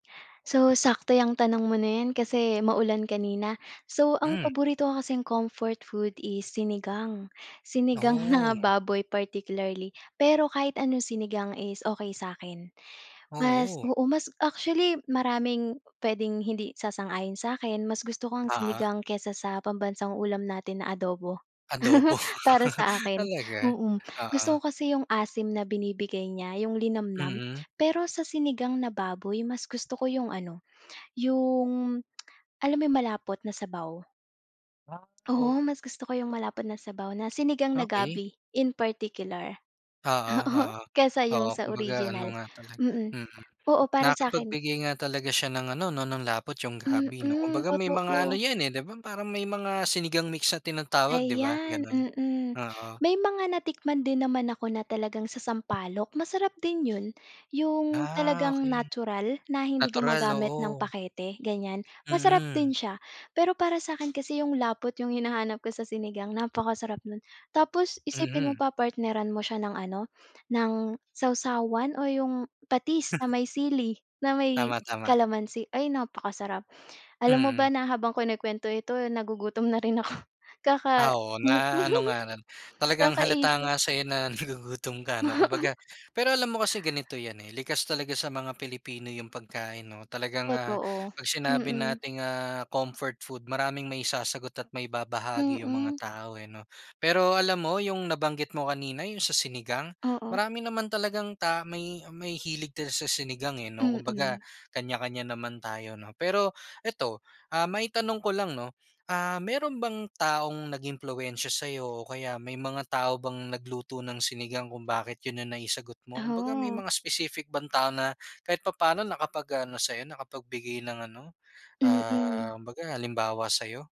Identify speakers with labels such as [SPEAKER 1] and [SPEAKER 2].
[SPEAKER 1] So, sakto 'yang tanong mo na 'yan kasi maulan kanina. So, ang
[SPEAKER 2] Hmm.
[SPEAKER 1] paborito ko kasing comfort food is Sinigang. Sinigang na
[SPEAKER 2] Nako.
[SPEAKER 1] baboy particularly. Pero kahit anong sinigang is okey sa'kin. Mas
[SPEAKER 2] Oo.
[SPEAKER 1] oo, mas actually, maraming puwedeng hindi sasang-ayon sa'kin, mas gusto ko ang
[SPEAKER 2] Ah.
[SPEAKER 1] sinigang kaysa sa pambansang ulam natin na adobo.
[SPEAKER 2] Adobo.
[SPEAKER 1] Para sa akin,
[SPEAKER 2] Talaga?
[SPEAKER 1] mm, gusto
[SPEAKER 2] Oo.
[SPEAKER 1] ko kasi yung asim na binibigay niya, yung linamnam.
[SPEAKER 2] Mm.
[SPEAKER 1] Pero sa sinigang na baboy, mas gusto ko yung ano, yung alam mo yung malapot na sabaw?
[SPEAKER 2] Ha
[SPEAKER 1] Oo,
[SPEAKER 2] oh.
[SPEAKER 1] mas gusto ko yung malapot na sabaw na sinigang na
[SPEAKER 2] Okey.
[SPEAKER 1] gabi in particular.
[SPEAKER 2] Oo,
[SPEAKER 1] Oo,
[SPEAKER 2] oo.
[SPEAKER 1] kesa yung
[SPEAKER 2] Oo,
[SPEAKER 1] sa
[SPEAKER 2] kumbaga ano
[SPEAKER 1] original.
[SPEAKER 2] nga talaga,
[SPEAKER 1] Mm,
[SPEAKER 2] mm,
[SPEAKER 1] oo, para sa'kin.
[SPEAKER 2] nakakapagbigay nga talaga siya ng ano 'no, ng lapot yung gabi 'no.
[SPEAKER 1] Mm,
[SPEAKER 2] Kumbaga may mga ano
[SPEAKER 1] totoo.
[SPEAKER 2] 'yan, eh, di ba? Parang may mga sinigang mix na tinatawag, di ba?
[SPEAKER 1] Ayan,
[SPEAKER 2] Ganun,
[SPEAKER 1] mm.
[SPEAKER 2] oo.
[SPEAKER 1] May mga natikman din naman ako na talagang sa sampalok, masarap din yun. Yung
[SPEAKER 2] Ah,
[SPEAKER 1] talagang
[SPEAKER 2] okey.
[SPEAKER 1] natural, na hindi
[SPEAKER 2] Natural,
[SPEAKER 1] gumagamit ng
[SPEAKER 2] oo.
[SPEAKER 1] pakete ganiyan. Masarap din
[SPEAKER 2] Mm.
[SPEAKER 1] siya, pero para sa'kin kasi yung lapot yung hinahanap ko sa sinigang, napakasarap nun. Tapos isipin mo
[SPEAKER 2] Mhm.
[SPEAKER 1] pa, partneran mo siya ng ano, ng sawsawan o yung patis na may sili, na may
[SPEAKER 2] Tama, tama.
[SPEAKER 1] kalamansi. Ay, napakasarap. Alam mo ba
[SPEAKER 2] Mm.
[SPEAKER 1] na habang kinukuwento ito, eh, nagugutom na rin ako kaka
[SPEAKER 2] Ah, oo, na-ano nga lang, talagang halata
[SPEAKER 1] kakaisip.
[SPEAKER 2] nga sa'yo na nagugutom ka ano,
[SPEAKER 1] Oo.
[SPEAKER 2] kumbaga. Pero alam mo kasi ganito 'yan, eh, likas talaga sa mga Pilipino yung pagkain 'no. Talagang, ah,
[SPEAKER 1] Totoo,
[SPEAKER 2] 'pag sinabi
[SPEAKER 1] mm.
[SPEAKER 2] nating, ah, comfort food, maraming maisasagot at maibabahagi yung mga
[SPEAKER 1] Mm.
[SPEAKER 2] tao, eh, 'no. Pero alam mo, yung nabanggit mo kanina, yung sa sinigang,
[SPEAKER 1] Oo.
[SPEAKER 2] marami naman talagang ta may may hilig din sa sinigang, eh, 'no, kumbaga
[SPEAKER 1] Mm.
[SPEAKER 2] kanya-kanya naman tayo 'no. Pero eto, ah, maitanong ko lang 'no, ah, meron bang taong nag-impluwensiya sa'yo o kaya may mga tao bang nagluto ng sinigang kung bakit yun ang naisagot mo? Kumbaga may
[SPEAKER 1] Taho.
[SPEAKER 2] mga specific bang tao na kahit papa'no nakapag-ano sa'yo, nakapagbigay ng ano,
[SPEAKER 1] Mm.
[SPEAKER 2] ah, kumbaga halimbawa sa'yo?